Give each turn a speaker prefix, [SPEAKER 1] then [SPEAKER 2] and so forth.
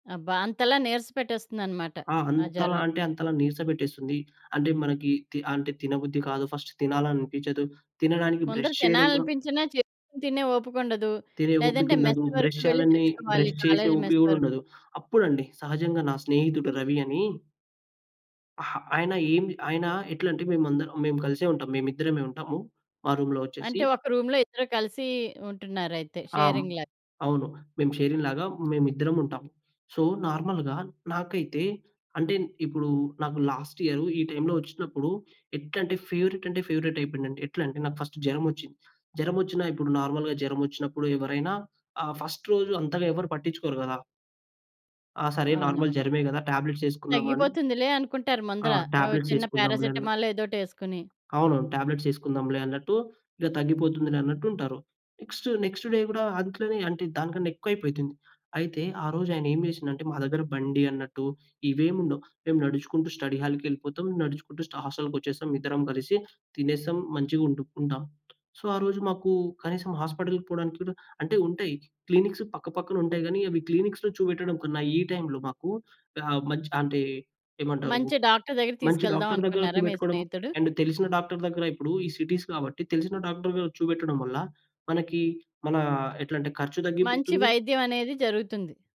[SPEAKER 1] అబ్బా! అంతలా నీరస పెట్టేస్తుందనమాట,
[SPEAKER 2] ఆ!
[SPEAKER 1] ఆ
[SPEAKER 2] అంతలా
[SPEAKER 1] జరం.
[SPEAKER 2] అంటే అంతలా, నీరసపెట్టేస్తుంది. అంటే, మనకి తి అంటే తినబుద్ధి కాదు. ఫస్ట్ తినాలనిపిచదు. తినడానికి
[SPEAKER 1] ముందర
[SPEAKER 2] బ్రష్ చేయడం కూడా
[SPEAKER 1] తినాలనిపించినా, చేసుకొని తినే ఓపికుండదు.
[SPEAKER 2] తినే
[SPEAKER 1] లేదంటే మెస్
[SPEAKER 2] ఓపికుండదు. బ్రష్
[SPEAKER 1] వరకు వెళ్ళి
[SPEAKER 2] చేయాలనే
[SPEAKER 1] తెచ్చుకోవాలి.
[SPEAKER 2] బ్రష్ చేసే
[SPEAKER 1] కాలేజ్
[SPEAKER 2] ఓపిక
[SPEAKER 1] మెస్
[SPEAKER 2] కూడా
[SPEAKER 1] వరకు.
[SPEAKER 2] ఉండదు. అప్పుడండి! సహజంగా నా స్నేహితుడు రవి అని. అహా! ఆయన ఏమి ఆయన ఎట్లంటే, మేమందరం మేం కలిసే ఉంటాం. మేమిద్దరమే ఉంటాము, మా రూమ్‌లో వచ్చేసి.
[SPEAKER 1] అంటే, ఒక రూమ్‌లో ఇద్దరూ కలిసి ఉంటున్నారయితే.
[SPEAKER 2] ఆ! హ్మ్.
[SPEAKER 1] షేరింగ్ లాగ.
[SPEAKER 2] అవును. మేము షేరింగ్‌ లాగా మేమిద్దరం ఉంటాం. సో, నార్మల్‌గా నాకైతే అంటే ఇప్పుడు నాకు లాస్ట్‌ ఇయరు ఈ టైంలో ఒచ్చినప్పుడు, ఎట్లంటే ఫేవరెట్ అంటే ఫేవరేటయిపోయిందండి. ఎట్లంటే, నాకు ఫస్టు జరమొచ్చింది. జరమొచ్చినా ఇప్పుడు నార్మల్‌గా జరమొచ్చినప్పుడు ఎవరైనా, ఆ ఫస్ట్ రోజు అంతగా ఎవరు పట్టించుకోరు కదా! ఆ! సరే. నార్మల్
[SPEAKER 1] అవునవును.
[SPEAKER 2] జరమె కదా! టాబ్లెట్సేసుకున్నాము అని
[SPEAKER 1] తగ్గిపోతుందిలే అనుకుంటారు
[SPEAKER 2] ఆ!
[SPEAKER 1] ముందర, ఓ చిన్న
[SPEAKER 2] టాబ్లెట్సేసుకున్నాం లే అన్న
[SPEAKER 1] పేరాసిటమాలో ఏదోకటేసుకొని.
[SPEAKER 2] అవును. టాబ్లెట్స్ ఏసుకుందాంలే అన్నట్టు, ఇలా తగ్గిపోతుందిలే అన్నట్టుంటారు. నెక్స్ట్, నెక్స్ట్‌ డే గూడా, అదిట్లనే అంటే దానికన్నా ఎక్కువయిపోతుంది. అయితే, ఆరోజు ఆయనేం జేసిండంటే, మా దగ్గర బండి అన్నట్టు ఇవేముండవు. మేము నడుచుకుంటూ స్టడీ హాల్‌కెళిపోతం. నడుచుకుంటూ స్ట హస్టల్‌కొచ్చేసాం ఇద్దరం కలిసి. తినేసం. మంచిగుంటు ఉంటాం. సో, ఆరోజు మాకు కనీసం హాస్పిటల్‌కి పోవడానికి కూడా అంటే ఉంటాయి. క్లినిక్స్ పక్కపక్కన ఉంటాయి గానీ, అవి క్లీనిక్స్‌లో చూబెట్టడం కన్నా, ఈ టైంలో మాకు గా మంచి ఆహ్, అంటే ఏమంటారు,
[SPEAKER 1] మంచి డాక్టర్ దగ్గరికి
[SPEAKER 2] మంచి
[SPEAKER 1] తీసుకెళ్దాం
[SPEAKER 2] డాక్టర్ దగ్గర
[SPEAKER 1] అనుకున్నారా మీ
[SPEAKER 2] చూబెట్టుకోడం,
[SPEAKER 1] స్నేహితుడు?
[SPEAKER 2] అండ్ తెలిసిన డాక్టర్ దగ్గర ఇప్పుడు ఈ సిటీస్ కాబట్టి తెలిసిన డాక్టర్ దగ్గర చూబెట్టడం వల్ల, మనకి మన ఎట్లా అంటే ఖర్చు
[SPEAKER 1] మంచి
[SPEAKER 2] తగ్గిపోతుంది
[SPEAKER 1] వైద్యం అనేది జరుగుతుంది.